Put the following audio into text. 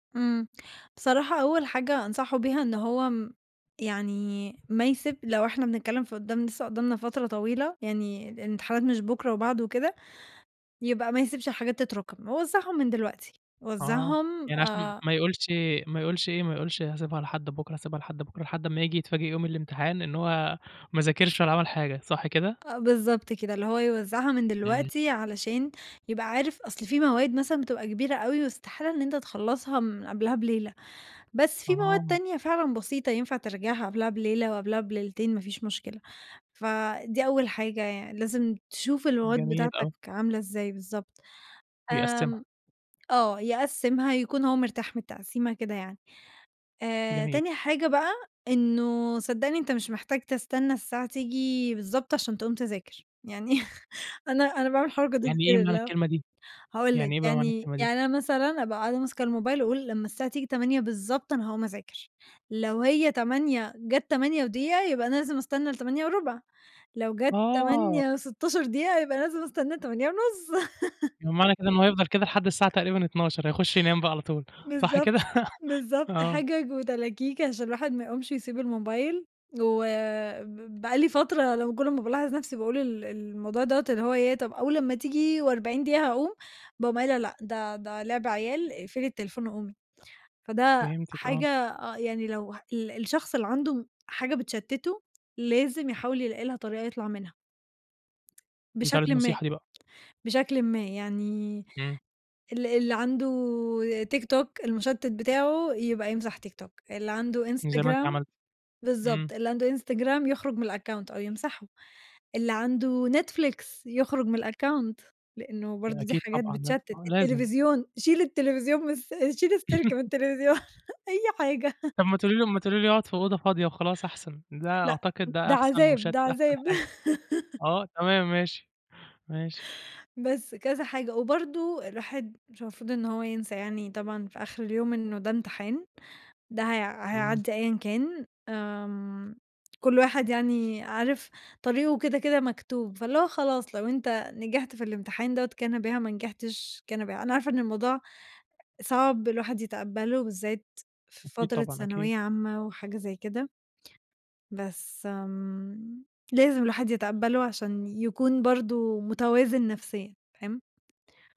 إمم. بصراحة أول حاجة أنصحه بيها إن هو م يعني ما يسب لو احنا بنتكلم في قدّام لسه قدّامنا فترة طويلة، يعني الامتحانات مش بكرة وبعده وكده، يبقى ما يسيبش الحاجات تتراكم، ووزعهم من دلوقتي، آه. وزعهم يعني عشان آآ ما يقولش ما يقولش إيه، ما يقولش هاسيبها لحد بُكرة، هاسيبها لحد بُكرة، لحد امّا ييجي يتفاجئ يوم الامتحان إن هو ما ذاكرش ولا عمل حاجة، صح كده؟ آه بالضبط كده، اللي هو يوزعها من إمم. دلوقتي علشان يبقى عارف أصل فيه مواد مثلًا بتبقى كبيرة أوي واستحالة إن أنت تخلَّصها من قبلها بليلة، بس فيه مواد آه. تانية فعلًا بسيطة ينفع تراجعها قبلها بليلة، وقبلها بليلتين، ما فيش مشكلة، فدي أول حاجة يعني، لازم تشوف المواد جميل بتاعتك أوي. عاملة إزاي بالضبط، يقسِّمها. آمم آه، يقسِّمها يكون هو مرتاح من التقسيمة كده يعني. آآ، جميل. تاني حاجة بقى إنه صدّقني أنت مش محتاج تستنى الساعة تيجي بالضبط عشان تقوم تذاكر، يعني أنا أنا باعمل الحركة دي يعني إيه كتير، معنى اللي هو الكلمة دي، هاقول لك، يعني إيه بقى معنى يعني الكلمة دي؟ يعني أنا مثلًا أبقى قاعدة ماسكة الموبايل، واقول لمّا الساعة تيجي 08:00 بالضبط أنا هاقوم اذاكر، لو هي 08:00 جات 08:01 يبقى أنا لازم استنى ل08:15، لو جات آه. 08:16 يبقى لازم أستنى ل08:30. يبقى معنى كده إن هو هيفضل كده لحد الساعة تقريبًا 00:00، هيخش ينام بقى على طول، صح بالضبط، كده؟ بالضبط، آه. حِجج وتلاكيك عشان الواحد ما يقومش ويسيب الموبايل، وب بقى لي فترة لمّا كُلّ ما بالاحظ نَفْسي باقول ال الموضوع دوّة اللي هو ياه، طَب أول أمّا تيجي و40 دقيقة هاقوم، باقوم قايلة لأ ده ده لِعْب عيال، اقفلي التليفون وقومي، فده فهمتِك آه. حاجة آه، يعني لو ه ال الشخص اللي عنده حاجة بتشتته لازم يحاول يلاقي لها طريقة يطلَع منها، دي تالت بشكلٍ ما، نصيحة دي بقى. بشكلٍ ما يعني إمم. ال اللي عنده تيك توك المُشتِت بتاعه يبقى يمسح تيك توك، اللي عنده زي ما أنتِ إنستجرام عملتِ، بالضبط، إمم. اللي عنده إنستجرام يخرُج من الaccount أو يمسحه، اللي عنده نتفليكس يخرُج من الaccount، لأنه ده برضو دي أكيد حاجات طبعًا ده، بتشتت، آه لازم. التليفزيون، شيل التليفزيون من الس شيل السلك من التليفزيون، أي حاجة. طَب ما تقولي له ما تقولي له يقعد في أوضة فاضية وخلاص أحسن، ده لأ. أعتقد ده ده أحسن مش عذاب ده أحسن عذاب. حاجة، آه تمام ماشي، ماشي. بس كذا حاجة، وبرضو الواحد مش المفروض إن هو ينسى يعني طبعًا في آخر اليوم إنه ده امتحان، ده هي إمم. هيعدّي أيًّا كان، آمم كُلّ واحد يعني عارف طريقه كده كده مكتوب، فاللي هو خلاص لو أنت نجحت في الامتحان دوّة كان بها، ما نجحتش كان بها. أنا عارفة إن الموضوع صعب الواحد يتقبّله بالذات في أكيد فترة طبعًا أكيد. ثانوية عامة وحاجة زي كده بس آمم، لازم الوحد يتقبّله عشان يكون برضو متوازن نَفسيًا، فاهم؟